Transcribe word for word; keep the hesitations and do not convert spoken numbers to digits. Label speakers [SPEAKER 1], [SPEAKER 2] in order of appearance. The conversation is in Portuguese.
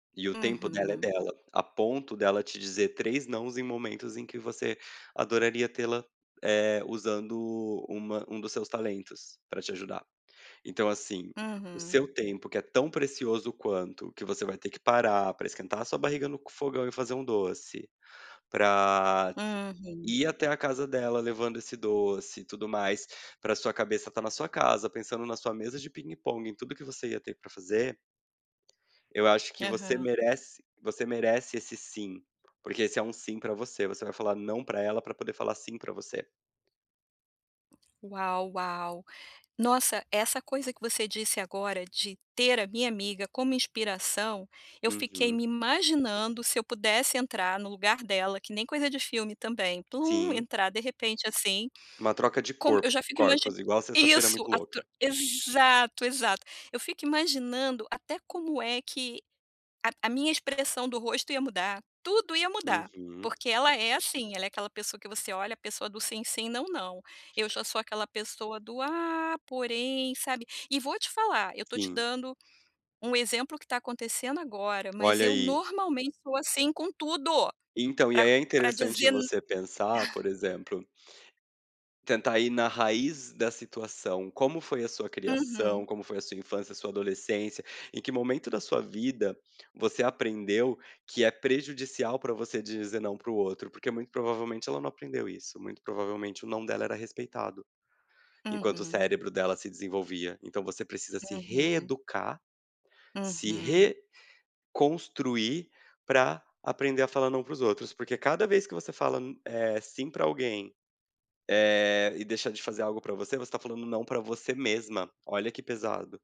[SPEAKER 1] E o tempo dela é
[SPEAKER 2] Uhum.
[SPEAKER 1] dela. A ponto de ela te dizer três nãos em momentos em que você adoraria tê-la, eh, usando uma um dos seus talentos pra te ajudar. Então assim, o
[SPEAKER 2] Uhum.
[SPEAKER 1] seu tempo, que é tão precioso quanto, que você vai ter que parar pra esquentar a sua barriga no fogão e fazer um doce, pra t
[SPEAKER 2] Uhum.
[SPEAKER 1] ir até a casa dela levando esse doce e tudo mais, pra sua cabeça estar na sua casa pensando na sua mesa de pingue-pongue em tudo que você ia ter pra fazer. Eu acho que você
[SPEAKER 2] Aham.
[SPEAKER 1] merece você merece esse "sim". Porque esse é um "sim" pra você, você vai falar "não" pra ela pra poder falar "sim" pra você.
[SPEAKER 2] Uau, uau. Nossa, essa coisa que você disse agora de "ter a minha amiga como inspiração", eu fiquei
[SPEAKER 1] Uhum.
[SPEAKER 2] me imaginando se eu pudesse entrar no lugar dela, que nem coisa de filme também, plum,
[SPEAKER 1] Sim.
[SPEAKER 2] entrar de repente, assim,
[SPEAKER 1] Uma troca de
[SPEAKER 2] como eu
[SPEAKER 1] corpo
[SPEAKER 2] já fico imagi
[SPEAKER 1] corpos, igual Sexta-Feira
[SPEAKER 2] Isso,
[SPEAKER 1] Muito
[SPEAKER 2] a tro
[SPEAKER 1] Louca.
[SPEAKER 2] Exato, exato. Eu fico imaginando até como é que a a minha expressão do rosto ia mudar, tudo ia mudar.
[SPEAKER 1] Uhum.
[SPEAKER 2] Porque ela é assim, ela é aquela pessoa que você olha a pessoa do sim, sim, não, não. Eu já sou aquela pessoa do: "Ah porém", sabe. E vou te falar, eu estou te
[SPEAKER 1] Sim.
[SPEAKER 2] dando um exemplo que está acontecendo agora, mas
[SPEAKER 1] Olha
[SPEAKER 2] eu
[SPEAKER 1] aí.
[SPEAKER 2] normalmente sou assim com tudo,
[SPEAKER 1] Então, e
[SPEAKER 2] pra
[SPEAKER 1] aí, é
[SPEAKER 2] pra
[SPEAKER 1] interessante
[SPEAKER 2] dizer nã
[SPEAKER 1] você pensar, por exemplo tentar ir na raiz da situação, como foi a sua criação,
[SPEAKER 2] Uhum.
[SPEAKER 1] como foi a sua infância, sua adolescência, em que momento da sua vida você aprendeu que é prejudicial pra você dizer "não" pro outro. Porque, muito provavelmente, ela não aprendeu isso; muito provavelmente o "não" dela era respeitado. Enquanto o
[SPEAKER 2] Uhum.
[SPEAKER 1] cérebro dela se desenvolvia. Então você precisa se
[SPEAKER 2] Uhum.
[SPEAKER 1] reeducar, se
[SPEAKER 2] Uhum.
[SPEAKER 1] reconstruir pra aprender a falar "não" pros outros. Porque cada vez que você fala n eh, "sim" pra alguém, eh, e deixa de fazer algo pra você, você está falando "não" pra você mesma. Olha que pesado.